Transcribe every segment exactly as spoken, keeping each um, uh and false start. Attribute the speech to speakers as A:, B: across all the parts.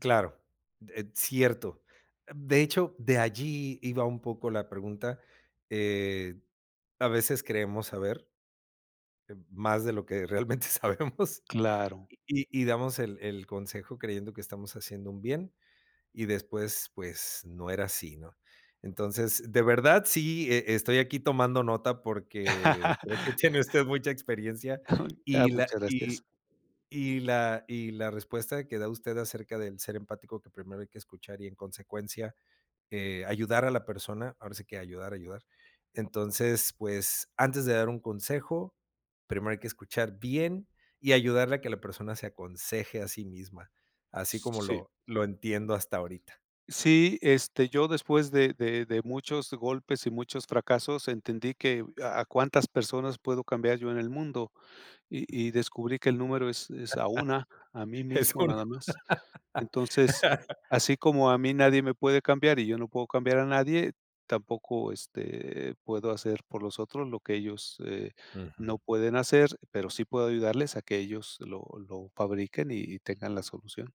A: Claro, eh, cierto. De hecho, de allí iba un poco la pregunta, eh, a veces creemos saber em, más de lo que realmente sabemos.
B: Claro.
A: Y y y damos el el consejo creyendo que estamos haciendo un bien, y después, pues, no era así, ¿no? Entonces, de verdad, sí e e estoy aquí tomando nota, porque creo que tiene usted mucha experiencia.
B: Ay, ah,
A: Y la
B: muchas
A: y
B: gracias.
A: y y la y la respuesta que da usted acerca del ser empático, que primero hay que escuchar y, en consecuencia, eh, ayudar a la persona, ahora sí que ayudar a ayudar. Entonces, pues, antes de dar un consejo, primero hay que escuchar bien y ayudarle a que la persona se aconseje a sí misma, así
B: S
A: como
B: sí.
A: lo lo entiendo hasta ahorita.
B: Sí, este, yo después de de de muchos golpes y muchos fracasos entendí que a a cuántas personas puedo cambiar yo en el mundo, y y descubrí que el número es es a una. A mí
A: Es
B: mismo,
A: un
B: nada más. Entonces, así como a mí nadie me puede cambiar, y yo no puedo cambiar a nadie, tampoco, este, puedo hacer por los otros lo que ellos, eh, no
A: Ujú.
B: pueden hacer, pero sí puedo ayudarles a que ellos lo lo fabriquen y y tengan la solución.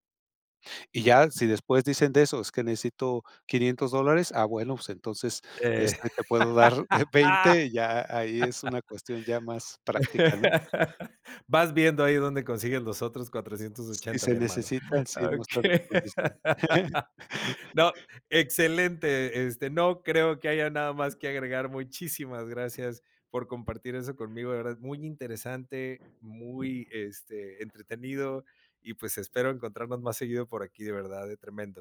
B: Y ya, si después dicen de eso: "Es que necesito quinientos dólares". Ah, bueno, pues, entonces,
A: Eh
B: este, te puedo dar veinte y ahí es una cuestión ya más práctica, ¿no?
A: Vas viendo ahí dónde consigues los otros cuatrocientos
B: Si
A: ochenta,
B: se
A: mi hermano.
B: necesitan, sí, mas tarde
A: Okey.
B: lo discu
A: No, excelente, este, no creo que haya nada más que agregar. Muchísimas gracias por compartir eso conmigo, de verdad. Muy interesante, muy, este, entretenido y, pues, espero encontrarnos más seguido por aquí, de verdad, ¿eh? Tremendo.